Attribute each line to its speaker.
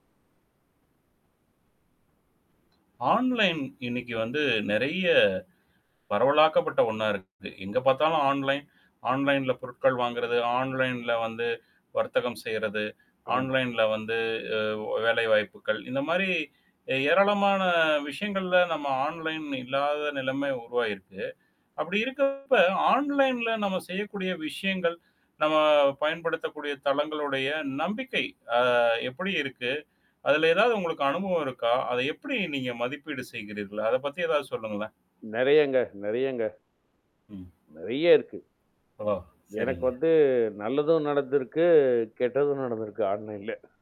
Speaker 1: Online இன்னைக்கு வந்து நெறைய பரவலாக்கப்பட்ட ஒண்ணா இருக்குது. எங்க பார்த்தாலும் ஆன்லைன். ஆன்லைன்ல பொருட்கள் வாங்குறது, ஆன்லைன்ல வந்து வர்த்தகம் செய்றது,
Speaker 2: ஆமா.
Speaker 1: ஆன்லைன்ல வந்து அ வேலைவாய்ப்புகள். இந்த மாரி, ஏராளமான விஷயங்கள்ல நம்ம ஆன்லைன் இல்லாத நிலைமை உருவாகிருக்கு. அப்படி இருக்கப்ப ஆன்லைன்ல நம்ம செய்யக்கூடிய விஷயங்கள், நம்ம பயன்படுத்தக்கூடிய தளங்களுடைய நம்பிக்கை அ எப்படி இருக்கு? அதில ஏதாவது உங்களுக்கு அனுபவம் இருக்கா? அத எப்படி நீங்க மதிப்பீடு செய்கிறீர்கள்? அத பத்தி ஏதாவது சொல்லுங்களேன்?
Speaker 2: நெறையங்க, நெறையங்க.
Speaker 1: ம்.
Speaker 2: நெறைய இருக்கு.
Speaker 1: ஓ!
Speaker 2: எனக்கு
Speaker 1: சரிங்க.
Speaker 2: வந்து நல்லதும் நடந்திருக்கு, கெட்டதும் நடந்திருக்கு ஆன்லைன்ல.